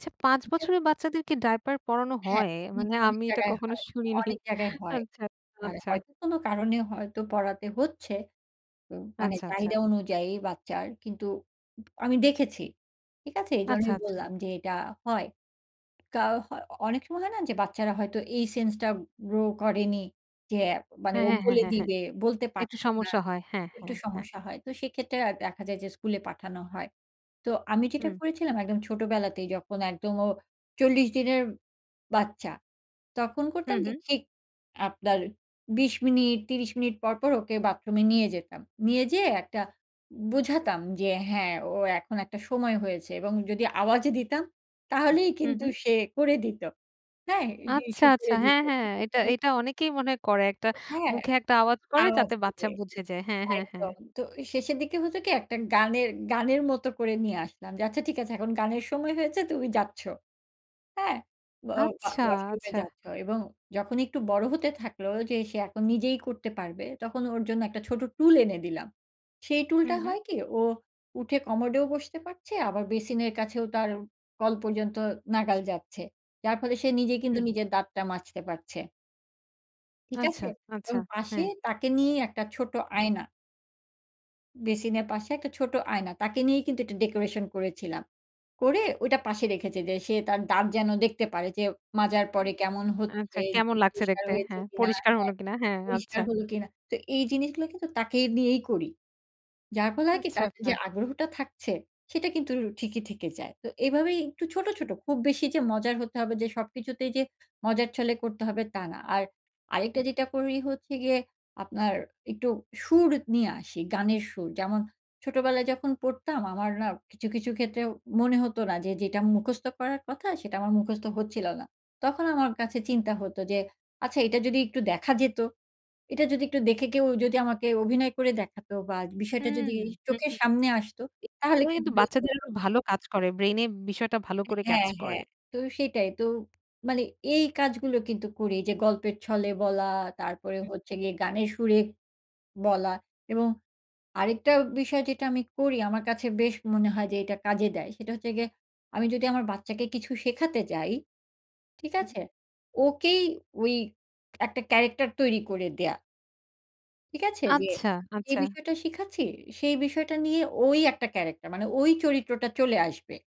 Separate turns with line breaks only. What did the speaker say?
আচ্ছা, ৫
ঠিক আছে?
বছরের বাচ্চাদেরকে ডায়পার পরানো
হ্যাঁ,
হয়,
অনেক,
মানে
অনেক
আমি এটা
জায়গায়
কখনো
হয়
শুনিনি।
অনেক জায়গায় হয়।
আচ্ছা, আচ্ছা,
মানে
আচ্ছা।
হয়তো কোনো কারণে হয়তো পরাতে হচ্ছে। ও মানে
আচ্ছা, আচ্ছা।
চাহিদা অনুযায়ী বাচ্চার কিন্তু পু আমি দেখেছি। ঠিক আছে?
আচ্ছা,
এইজন্যই
আচ্ছা।
বললাম যে, "এটা হয়।" কাউ হয় অনেক সময় হয় না? যে বাচ্চারা হয়তো এই সেন্স টা গ্রো করেনি যে আ মানে
হ্যাঁ,
ও
হ্যাঁ,
বলে
হ্যাঁ, হ্যাঁ।
দিবে, বলতে
একটু
পারছে না।
সমস্যা হয়। হ্যাঁ,
একটু
হ্যাঁ, হ্যাঁ।
সমস্যা হয়। তো সেক্ষেত্রে আর দেখা যায় যে স্কুলে পাঠানো হয়। তো আমি যেটা
হু।
করেছিলাম, একদম ছোটবেলাতেই যখন একদম ও ৪০ দিনের বাচ্চা। তখন
হু,
করতাম জি,
হু।
ঠিক, আপনার ২০ মিনিট, ৩০ মিনিট পর, পর ওকে বাথরুমে নিয়ে যেতাম। নিয়ে যেয়ে একটা বোঝাতাম যে, হ্যাঁ ও এখন একটা সময় হয়েছে এবং যদি আওয়াজে দিতাম, তাহলেই
হু,
কিন্তু
হু।
সে করে দিত। হ্যাঁ? হি
আচ্ছা,
হিসু
আচ্ছা।
করে দিত।
হ্যাঁ, হ্যাঁ।
ঠিক আছে?
এটা
অ
এটা অনেকেই মনে করে, একটা
হ্যাঁ,
মুখে একটা আওয়াজ করে
আওয়াজ
যাতে বাচ্চা
দিলে
বুঝে যায়। হ্যাঁ, হ্যাঁ, হ্যাঁ।
একদম। তো এ শেষের দিকে হতো কি? একটা গানের গানের মতো করে নিয়ে আসলাম। যে আচ্ছা ঠিক আছে এখন গানের সময় হয়েছে, তুমি যাচ্ছো। হ্যাঁ? ওয়া ওয়া
আচ্ছা,
ওয়াশরুমে
আচ্ছা।
যাচ্ছো এবং যখন একটু বড় হতে থাকলো যে সে এখন নিজেই করতে পারবে, তখন ওর জন্য একটা ছোট টুল এনে দিলাম। সেই
হু,
টুলটা
হু।
হয় কি? ও উঠে কমোডেও বসতে পারছে আবার বেসিনের কাছেও তার কল পর্যন্ত নাগাল যাচ্ছে। যার ফলে সে নিজেই কিন্তু
হুম।
নিজের দাঁতটা মাজতে পারছে। ঠিক
আচ্ছা,
আছে?
আচ্ছা।
এবং পাশে
হ্যাঁ।
তাকে নিয়েই একটা ছোট আয়না বেসিনের পাশে একটা ছোট আয়না। তাকে নিয়েই কিন্তু এটা ডেকোরেশন করেছিলাম। করে ওইটা পাশে রেখেছে যে সে তার দাঁত যেন দেখতে পারে যে মাজার
হু।
পরে কেমন হচ্ছে?
আচ্ছা।
যে
কেমন
জিভ
লাগছে
পরিষ্কার
দেখতে?
হয়েছে
হ্যাঁ,
কিনা
পরিষ্কার
হ্যাঁ,
হলো কিনা? হ্যাঁ
পরিষ্কার
আচ্ছা।
হলো কিনা? তো এই জিনিসগুলো কিন্তু তাকে নিয়েই করি। যার ফলে হয় কি?
আচ্ছা,
তার যে
আচ্ছা।
আগ্রহটা থাকছে সেটা কিন্তু র ঠিকই থেকে যায়। তো এভাবেই একটু ছোট, ছোট খুব বেশি যে মজার হতে হবে যে সবকিছুতেই যে মজার ছলে করতে হবে, তা না। আর
হু,
আরেকটা
হু।
যেটা করি হচ্ছে গিয়ে, আপনার একটু সুর নিয়ে আসি। গানের সুর। যেমন ছোটবেলায় যখন পড়তাম আমার না কিছু, কিছু ক্ষেত্রে মনে হতো না যে যেটা মুখস্থ করার কথা, সেটা আমার মুখস্থ হচ্ছিল না। তখন আমার কাছে চিন্তা হতো যে, আচ্ছা এটা যদি একটু দেখা যেত, এটা যদি একটু দেখে কেউ যদি আমাকে অভিনয় করে দেখাতো বা, বিষয়টা
হুম,
যদি ই
হু, হুম। এ
চোখের
[unintelligible]
সামনে আসতো, তাহলে কিন্তু
কিন্তু
বেশ হতো।
বাচ্চাদেরও ভালো কাজ করে। ব্রেইনে বিষয়টা ভালো করে ক্যাচ
হ্যাঁ,
করে।
হ্যাঁ। তো সেটাই। তো মানে এই কাজগুলো কিন্তু করি। যে গল্পের ছলে বলা, তারপরে
হুম।
হচ্ছে গিয়ে গানের সুরে বলা এবং আরেকটা বিষয় যেটা আমি করি আমার কাছে বেশ মনে হয় যে এটা কাজে দেয়, সেটা হচ্ছে গিয়ে আমি যদি আমার বাচ্চাকে কিছু শেখাতে যাই, ঠিক
হুম।
আছে? ওকেই ওই একটা ক্যারাক্টার তৈরি করে দেয়া। ঠিক আছে? যে
আচ্ছা,
যে
আচ্ছা।
বিষয়টা শিখাচ্ছি, সেই বিষয়টা নিয়ে ওই একটা ক্যারাক্টার, মানে ওই চরিত্রটা চলে আসবে।